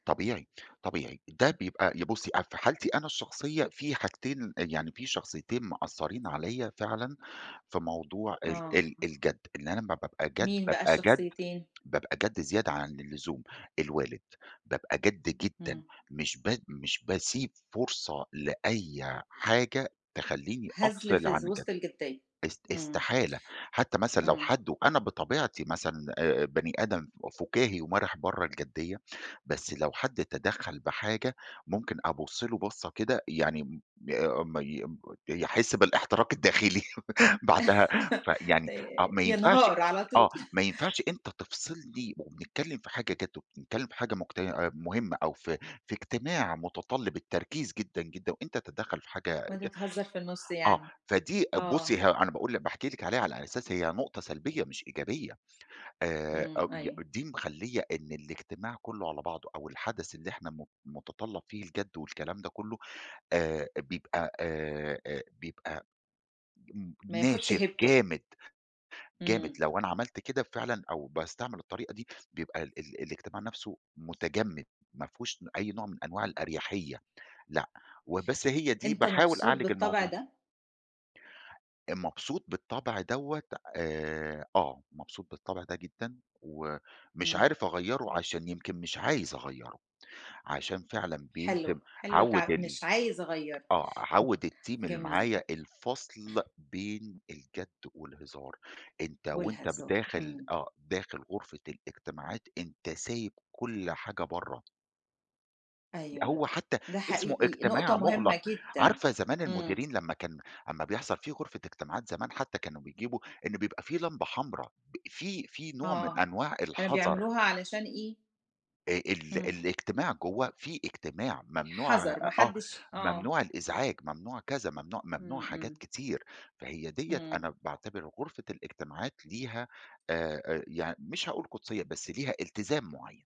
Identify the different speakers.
Speaker 1: طبيعي، طبيعي، ده بيبقى ي بُصّي أ في حالتي أنا الشخصية، في حاجتين يعني، في شخصيّتين مأثّرين عليّا فعلًا في موضوع ال
Speaker 2: آه.
Speaker 1: ال الجَدّ، إن أنا لمّا بابقى جَدّ
Speaker 2: مين بقى
Speaker 1: بابقى جَدّ،
Speaker 2: الشخصيّتين؟
Speaker 1: بابقى جَدّ زيادة عن اللزوم، الوالد، بابقى جَدّ جدًا
Speaker 2: إمم.
Speaker 1: مش ب مش باسيب فرصة لأي حاجة تخلّيني
Speaker 2: هزْل
Speaker 1: أفصِل
Speaker 2: في
Speaker 1: عن الجَدّ.
Speaker 2: وسط الجِدية،
Speaker 1: إس
Speaker 2: إمم.
Speaker 1: إستحالة حتى مثلًا لو
Speaker 2: إمم.
Speaker 1: حد وأنا بطبيعتي مثلًا آآ، بني آدم ف فُكاهي ومرِح برَّه الجِديّة، بس لو حد تدخّل بحاجة ممكن أبُصّ له بصّة كده يعني م ما ي يحس بالإحتراق الداخلي بعدها، فيعني آه،
Speaker 2: آآ
Speaker 1: ما ينفَعش
Speaker 2: ينهار على
Speaker 1: آه،
Speaker 2: طول.
Speaker 1: ما ينفَعش أنت تفصِلني وبنتكلّم في حاجة جَدّ وبنتكلّم في حاجة مج مُهمة أو في في إجتماع متطلِّب التركيز جدًا، جدًا وأنت تدخُل في حاجة
Speaker 2: وأنت
Speaker 1: ج
Speaker 2: تهزّر في النُّص
Speaker 1: آه،
Speaker 2: يعني.
Speaker 1: فدي
Speaker 2: آه.
Speaker 1: بُصّي ه أنا باقول لكِ باحكي لكِ عليها على أساس هي نُقطة سلبية مش إيجابية آآ
Speaker 2: إمم.
Speaker 1: [unintelligible]
Speaker 2: أيوه.
Speaker 1: دي مخلّية إن الإجتماع كلّه على بعضه أو الحدث اللي إحنا م متطلَّب فيه الجَدّ والكلام ده كلّه آآ، بيبقى آآ، آآ، بيبقى ن
Speaker 2: ما ياخدش
Speaker 1: ناشف،
Speaker 2: هيبته.
Speaker 1: جامد. جامد،
Speaker 2: إمم.
Speaker 1: لو أنا عملت كده فعلًا أو باستعمل الطريقة دي، بيبقى ال ال الإجتماع نفْسه متجمِّد، ما فيهوش أي نوع من أنواع الأريحية، لأ وبس هي دي،
Speaker 2: أنت
Speaker 1: باحاول
Speaker 2: مبسوط
Speaker 1: أعالج
Speaker 2: بالطبع
Speaker 1: الموضوع.
Speaker 2: ده؟
Speaker 1: مبسوط بالطبع دوّة؟ آآ، آه، مبسوط بالطبع ده جدًا ومش
Speaker 2: إمم.
Speaker 1: عارف أغيّره، عشان يمكن مش عايز أغيّره، عشان فعلًا
Speaker 2: حلو،
Speaker 1: بيلزِم
Speaker 2: حلو،
Speaker 1: عَوْد
Speaker 2: تع
Speaker 1: ال
Speaker 2: مش عايزة أغيِّر.
Speaker 1: آه،
Speaker 2: [unintelligible]
Speaker 1: عَوْد الteam اللي
Speaker 2: جميل.
Speaker 1: معايا، الفصْل بين الجَدّ والهزار، أنت وأنت
Speaker 2: والهزار.
Speaker 1: بداخِل
Speaker 2: إمم.
Speaker 1: آه، داخِل غُرفة الإجتماعات أنت سايب كلّ حاجة برَّه.
Speaker 2: أيوه،
Speaker 1: هو حتى
Speaker 2: ده
Speaker 1: اسمه
Speaker 2: حقيقي، نقطة
Speaker 1: إجتماع مُغلق،
Speaker 2: مهمة جدًا.
Speaker 1: عارفة زمان
Speaker 2: إمم.
Speaker 1: المديرين لما كان أمّا بيحصل، في غُرفة إجتماعات زمان حتى كانوا بيجيبوا، إنه بيبقى في لمبة حمراء ب في في نوع من
Speaker 2: آه،
Speaker 1: أنواع
Speaker 2: كانوا
Speaker 1: الحذَر.
Speaker 2: بيعملوها علشان إيه؟
Speaker 1: آآ ال
Speaker 2: إمم.
Speaker 1: الإجتماع جوَّه، في إجتماع ممنوع،
Speaker 2: حذَر، ما
Speaker 1: آه،
Speaker 2: حدّش آه.
Speaker 1: ممنوع الإزعاج، ممنوع كذا، ممنوع، ممنوع
Speaker 2: إمم.
Speaker 1: حاجات
Speaker 2: إمم.
Speaker 1: كتير، فهي دِيّة
Speaker 2: إمم.
Speaker 1: أنا باعتبر غُرفة الإجتماعات ليها آآ، يعني مش هاقول قُدسيّة، بس ليها إلتزام معيّن.